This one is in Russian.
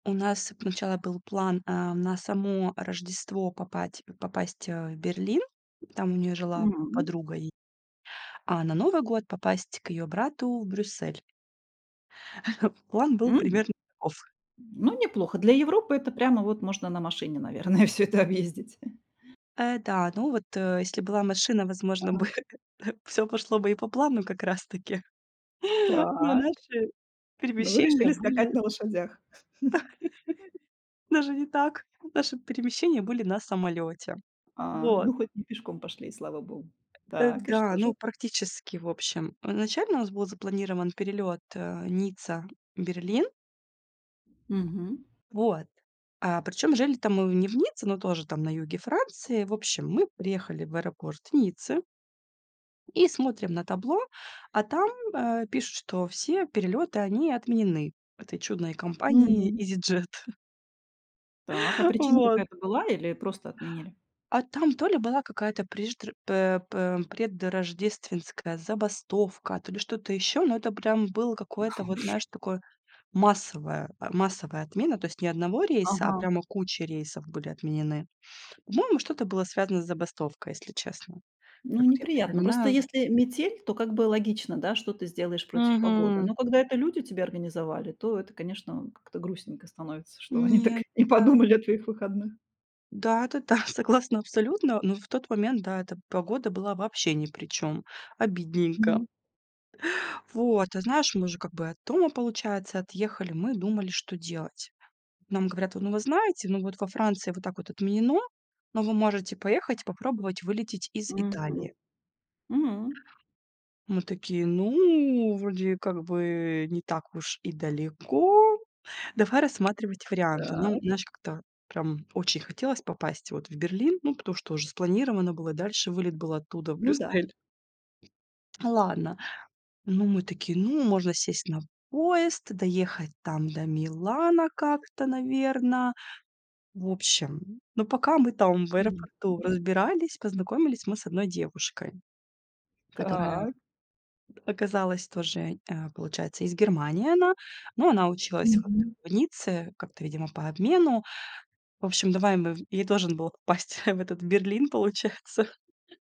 У нас сначала был план, а, на само Рождество попать попасть, а, в Берлин, там у неё жила Мгм. подруга, и, а на Новый год попасть к её брату в Брюссель. План был М, примерно таков. ну, неплохо. Для Европы это прямо вот можно на машине, наверное, всё это объездить. Э, да, ну вот, э, если была машина, возможно бы, Ага. к всё пошло бы и по плану как раз таки но Так, наши ну, вы перемещения решили скакать были на лошадях. даже не так, наши перемещения были на самолёте. А, Вот. ну хоть не пешком пошли, и слава Богу. Э, Так, и да, что ну, же? практически, в общем, изначально у нас был запланирован перелёт, э, Ницца- Берлин. Мгм. Вот, а причём жили-то мы не в Ницце, но тоже там на юге Франции. В общем, мы приехали в аэропорт Ниццы и смотрим на табло, а там, а, пишут, что все перелёты, они отменены этой чудной компанией Мгм. "Изиджет". Так, а причина Вот. какая-то была или просто отменили? А там то ли была какая-то преждр пэ пэ предрождественская забастовка, то ли что-то еще, но это прям было Да какое-то вот, знаешь, уж. такое массовое а, массовая отмена, то есть не 1 рейса, а Ага. прямо кучи рейсов были отменены. По-моему, что-то было связано с забастовкой, если честно. Ну, Как вот я неприятно. Просто припоминаю. если метель, то как бы логично, да, что ты сделаешь против погоды. Мгм. Но когда это люди тебе организовали, то это, конечно, а, как-то грустненько становится, что они так Нет, не да. подумали о твоих выходных. Да, это да, согласна абсолютно, но в тот момент, да, эта погода была вообще ни при чём, обидненько. Мгм. Вот, а знаешь, мы уже как бы от дома, получается, отъехали, мы думали, что делать. Нам говорят: "Вот, ну, вы знаете, ну, вот во Франции вот так вот отменено, но вы можете поехать и попробовать вылететь из Италии". Мгм, м. Мы такие, ну, вроде как бы не так уж и далеко, давай рассматривать варианты. Но, м, Так. знаешь, как-то прям очень хотелось попасть вот в Берлин, ну, потому что уже спланировано было, дальше вылет был оттуда в Ну да. Брюссель. Ну, ладно. Ну, мы такие: "Ну, можно сесть на поезд, доехать там до Милана как-то, наверно". В общем, но, пока мы там в Мгм. аэропорту М. разбирались, познакомились мы с одной девушкой, которая Так. оказалась тоже, а, получается, из Германии она, но она училась вот Мгм. в Ницце как-то, видимо, по обмену. В общем, давай мы в и ей тоже надо было попасть в этот Берлин, получается.